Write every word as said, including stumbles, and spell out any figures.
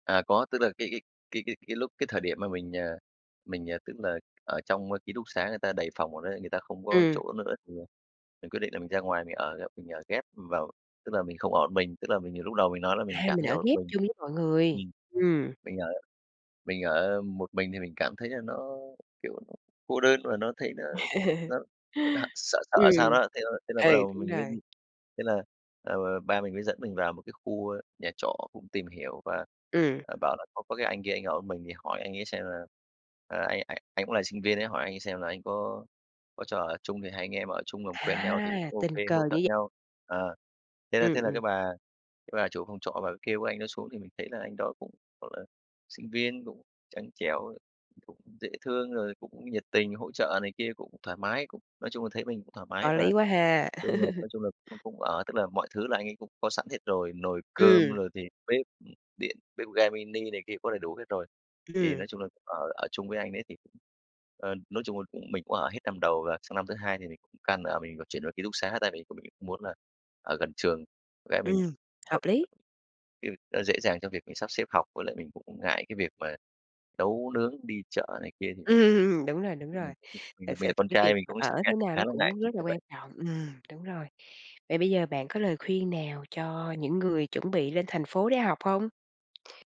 À, có, tức là cái cái cái cái cái lúc cái thời điểm mà mình, à, mình, à, tức là ở trong, a, ký túc xá người ta đầy phòng ở đấy, người ta không có Ừm. chỗ nữa thì, à, mình quyết định là mình ra ngoài mình ở, mình ở ghép vào tức là mình không ở một mình, tức là mình nhiều lúc đầu mình nói là mình À, cảm mình thấy ở ở một ghép mình chung với mọi người, ừm, ừm. mình ở mình ở một mình thì mình cảm thấy là nó, kiểu, cô đơn mà nó thấy nó nó h sợ sợ Ừm, sao đó. Thế là thế là ừ, bắt đầu đúng mình mới rồi. thế là, ờ, ba mình mới dẫn mình vào một cái khu, a, nhà trọ cũng tìm hiểu và, Ừm. à, bảo là có có cái anh kia ảnh ở một mình thì hỏi anh ấy xem là, ờ, anh anh anh cũng là sinh viên ấy hỏi anh ấy xem là anh có có cho ở chung thì hai anh em ở chung làm quen nhau thì À, ô tình kê cờ hỗ trợ như vậy. nhau. Ờ, thế là Ừm, thế là cái ừm. bà cái bà chủ phòng trọ bả mới kêu cái anh đó xuống, thì mình thấy là anh đó cũng, gọi là, sinh viên cũng trắng trẻo, cũng dễ thương rồi cũng nhiệt tình hỗ trợ này kia, cũng thoải mái, cũng nói chung là thấy mình cũng thoải mái Có và lý quá ha. đúng rồi, nói chung là cũng cũng ở tức là mọi thứ là anh ấy cũng có sẵn hết rồi, nồi cơm Ừm. rồi thì bếp điện, bếp ga mini này kia cũng có đầy đủ hết rồi. Thì Ừm. nói chung là ở ở chung với anh ấy thì cũng, ờ, nói chung là cũng mình cũng ở hết năm đầu và sang năm thứ hai thì mình cũng càng ở mình vừa chuyển qua ký túc xá, tại vì mình cũng muốn là ở gần trường bạn gái mình, Ừm, hợp lý! [unintelligible] nó dễ dàng cho việc mình sắp xếp học, với lại mình cũng ngại cái việc mà nấu nướng đi chợ này kia thì nó cũng Ừm, đúng rồi, nói đúng chung rồi. mình cũng mình Thật là mình sự là thì con cái trai việc mình mà cũng ở thế sẽ nào nó khá là cũng ngại rất chuyện là như quan vậy. trọng, ừm, đúng rồi. Vậy bây giờ bạn có lời khuyên nào cho những người chuẩn bị lên thành phố để học hông?